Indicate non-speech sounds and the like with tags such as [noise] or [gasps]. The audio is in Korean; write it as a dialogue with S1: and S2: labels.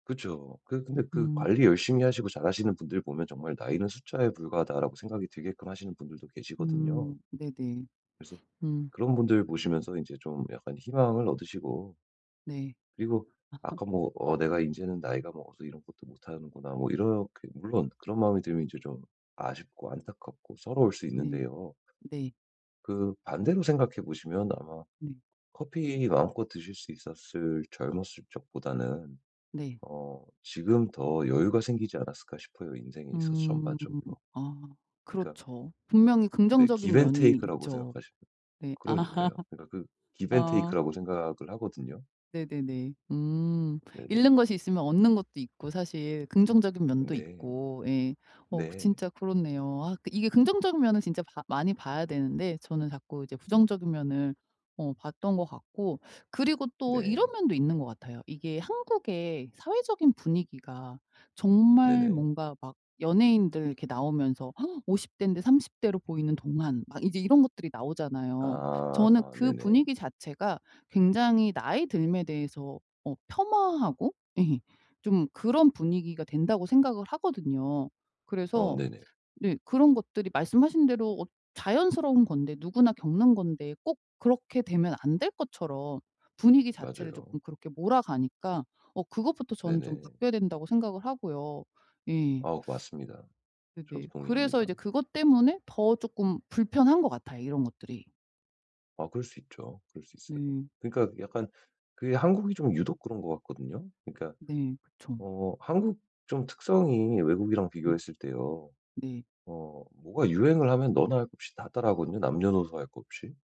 S1: 그쵸. 그 근데 그
S2: 음.
S1: 관리 열심히 하시고 잘하시는 분들 보면 정말 나이는 숫자에 불과하다라고 생각이 들게끔 하시는 분들도 계시거든요.
S2: 음. 네네.
S1: 그래서
S2: [sniffs] 음.
S1: 그런 분들 보시면서 인제 좀 약간 희망을 얻으시고
S2: 네.
S1: 그리고
S2: [laughs]
S1: 아까 뭐 "어 내가 인제는 나이가 먹어서 이런 것도 못하는구나." 뭐 이렇게 물론 그런 마음이 들면 인제 좀 아쉽고, 안타깝고 서러울 수
S2: 네.
S1: 있는데요.
S2: 네.
S1: 그 반대로 생각해 보시면 아마
S2: 네.
S1: 커피 마음껏 드실 수 있었을 젊었을 적보다는
S2: 네.
S1: 어 지금 더 여유가 생기지 않았을까 싶어요 인생에 있어서
S2: 음.
S1: 전반적으로.
S2: 아.
S1: 그니까
S2: 그렇죠. 분명히
S1: 네
S2: 긍정적인
S1: 기브 앤
S2: 면이
S1: 테이크라고
S2: 있죠.
S1: 생각하시면
S2: 네.
S1: 그러니까요
S2: [laughs]
S1: 그니까 그 기브 앤
S2: 어.
S1: 테이크라고 생각을 하거든요.
S2: 네네네. 음.
S1: 네네.
S2: 잃는 것이 있으면 얻는 것도 있고 사실 긍정적인 면도
S1: 네.
S2: 있고 예 어
S1: 네.
S2: 진짜 그렇네요. 아 이게 긍정적인 면은 진짜 봐 많이 봐야 되는데 저는 자꾸 이제 부정적인 면을 어 봤던 것 같고 그리고 또 이런
S1: 네.
S2: 면도 있는 것 같아요. 이게 한국의 사회적인 분위기가 정말
S1: 네네.
S2: 뭔가 막 연예인들 이렇게 나오면서 [gasps] 50 대인데 30 대로 보이는 동안 막 이제 이런 것들이 나오잖아요.
S1: 아.
S2: 저는
S1: 아
S2: 그
S1: 네네.
S2: 분위기 자체가 굉장히 나이 듦에 대해서 어 폄하하고 예 좀 그런 분위기가 된다고 생각을 하거든요.
S1: 어.
S2: 그래서
S1: 네네.
S2: 네 그런 것들이 말씀하신 대로 어 자연스러운 건데 누구나 겪는 건데 꼭 그렇게 되면 안 될 것처럼 분위기 자체를
S1: 맞아요.
S2: 쪼끔 그렇게 몰아가니까 어 그것부터 저는 좀
S1: 네네.
S2: 바뀌어야 된다고 생각을 하고요. 예.
S1: 아 맞습니다. 저도
S2: 네네. 그래서
S1: 동의합니다.
S2: 이제 그것 때문에 더 쪼끔 불편한 것 같아요 이런 것들이.
S1: 아 그럴 수 있죠. 그럴 수 있어요.
S2: 네.
S1: 그러니까 약간 그게 한국이 좀 유독 그런 것 같거든요. 그러니까
S2: 네. 그쵸.
S1: 어 한국 좀 특성이 외국이랑
S2: 음.
S1: 비교했을 때요
S2: 네.
S1: 어 뭐가 유행을 하면 너 나 할 것 없이 다 따라 하거든요 남녀노소 할 것 없이.